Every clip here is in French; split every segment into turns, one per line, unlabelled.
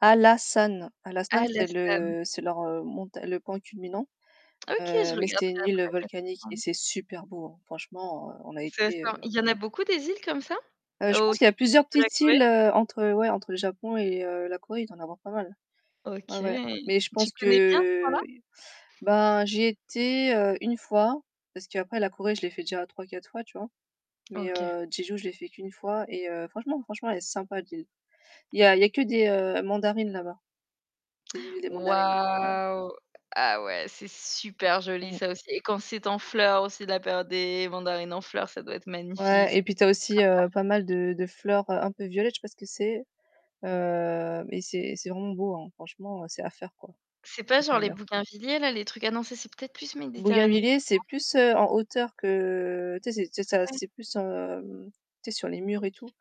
Hallasan. Hallasan, c'est
Hallasam.
le c'est leur, heu, monta le point culminant,
OK, je
heu, mais c'est une
regarderai
île
après comme
volcanique et
ça.
c'est super beau hein! Franchement heu, on a
C'est
été
ça.
heu
Il y en a beaucoup des îles comme ça?
Heu, je
Au
pense qu'il y a
sud
plusieurs
de la
petites
Corée?
îles, heu, entre, ouais, entre le Japon et heu, la Corée, il doit y'en avoir pas mal. Ouais,
OK!
ouais. Mais je
Tu
pense
connais bien ce coin-là?
que, bah, j'y étais, heu, une fois, parce qu'après la Corée, je l'ai fait déjà 3, 4 fois, tu vois. Mais
OK.
heu, Jeju je l'ai fait qu'une fois et heu, franchement franchement, elle est sympa l'île. Il y a il y a que des, heu, mandarines là-bas, c'est l'île des mandarines. Ouais.
Wahou! Ah ouais, c'est super joli
Mmh.
ça aussi. Et quand c'est en fleurs aussi la période des mandarines en fleurs, ça doit être magnifique!
Ouais
C
et puis tu as aussi, heu, pas mal
[unintelligible]
de de fleurs, heu, un peu violettes, je sais pas ce que c'est. Heu, mais c'est c'est vraiment beau hein. Franchement, c'est à faire quoi.
C'est pas
Si tu
sur
aimes
les
bien
Bougainvilliers-là, les trucs ah non, ça c'est peut-être plus méditerranéen,
Bougainvillier
non?
c'est plus, heu, en hauteur que, tu sais c'est c'est
Ah
ça
ouais?
c'est plus, hem, tu sais sur les murs
OK.
et tout,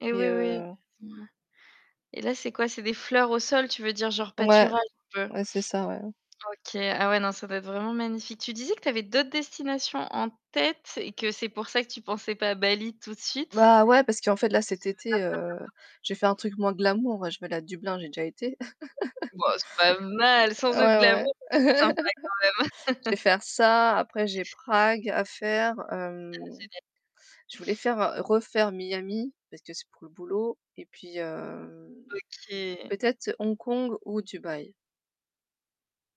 Et
mais
oui oui
heu
d mouais. Et là c'est quoi? C'est des fleurs au sol, tu veux dire genre
Ouais.
pâturage un peu?
Ouais c'est ça ouais.
OK, ah ouais non ça doit être vraiment magnifique. Tu disais que tu avais d'autres destinations en tête et que c'est pour ça que tu pensais pas à Bali tout de suite?
Bah ouais, parce qu'en fait là cet
Tu veux
été,
partir
heu, j'ai fait un
bientôt?
truc moins glamour, bah je vais aller à Dublin, j'ai déjà été.
Bah, c'est pas mal, sans être
Ouais ouais.
glamour, c'est sympa quand
Je
même.
vais faire ça, après j'ai Prague à faire.
Ah,
Hem
génial!
Je voulais faire refaire Miami, parce que c'est pour le boulot, et puis hem
OK!
peut-être Hong Kong ou Dubaï.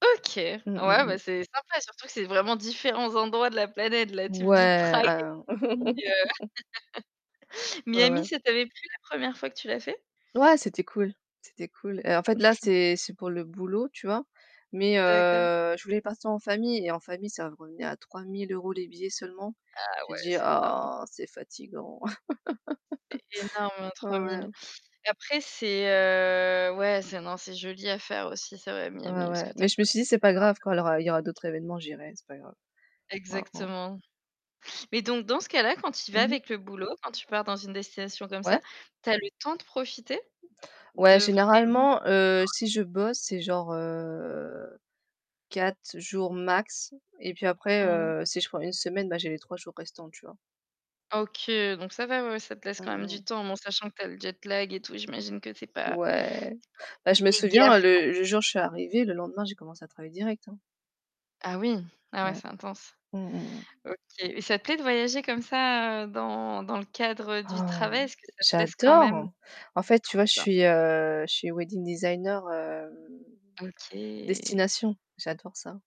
OK! Ouais
Mmh, mmh,
bah
mmh.
c'est sympa, surtout que c'est vraiment différents endroits de la planète là, tu me dis
Ouais
Prague
ah.
[unintelligible]
Ouais,
Miami,
ouais.
ça t'avait plu la 1re fois que tu l'as fait?
Ouais, c'était cool, c'était cool. Heu, en fait là c'est c'est pour le boulot, tu vois? Mais
D'accord.
heu, je voulais partir en famille et en famille ça revenait à 3000 € les billets seulement.
Ah
J'ai
ouais!
dit
C'est énorme!
ah c'est fatigant.
C'est énorme hein
Ouais,
trois
ouais.
mille. Après c'est, heu, ouais, c'est, non c'est joli à faire aussi c'est vrai
Ouais,
Miami, parce que
ouais.
tu as
Mais
quand
je
même
me suis dit c'est pas grave quand il y aura il y aura
[unintelligible]
d'autres événements, j'irai, c'est pas grave. Hein, han.
Exactement. Mais donc dans ce cas-là quand tu y vas
Mmh mh.
avec le boulot, quand tu pars dans une destination comme ça,
Ouais?
tu as le temps de profiter?
Ouais,
De vraiment
généralement, heu, si je bosse, c'est genre heu 4 jours max. Et puis après,
Mmh.
heu, si je prends une semaine, bah j'ai les 3 jours restants, tu vois.
OK, donc ça va ouais, ça te laisse
Mmh
quand même du
mh.
temps, mais en sachant que tu as le jet lag et tout, j'imagine que c'est pas
Ouais. Bah je
[unintelligible]
me
fais
souviens
gaffe.
le le jour où je suis arrivée, le lendemain j'ai commencé à travailler direct, hein.
Ah oui! Ah ouais
Ouais.
c'est intense.
Mmh mh, mmh.
OK, et ça te plaît de voyager comme ça, heu, dans, dans le cadre du travail, est-ce que ça te laisse quand même
J'adore! En fait tu
trop
vois je
bien.
suis, heu, je suis wedding designer, hem
OK.
destination, j'adore ça.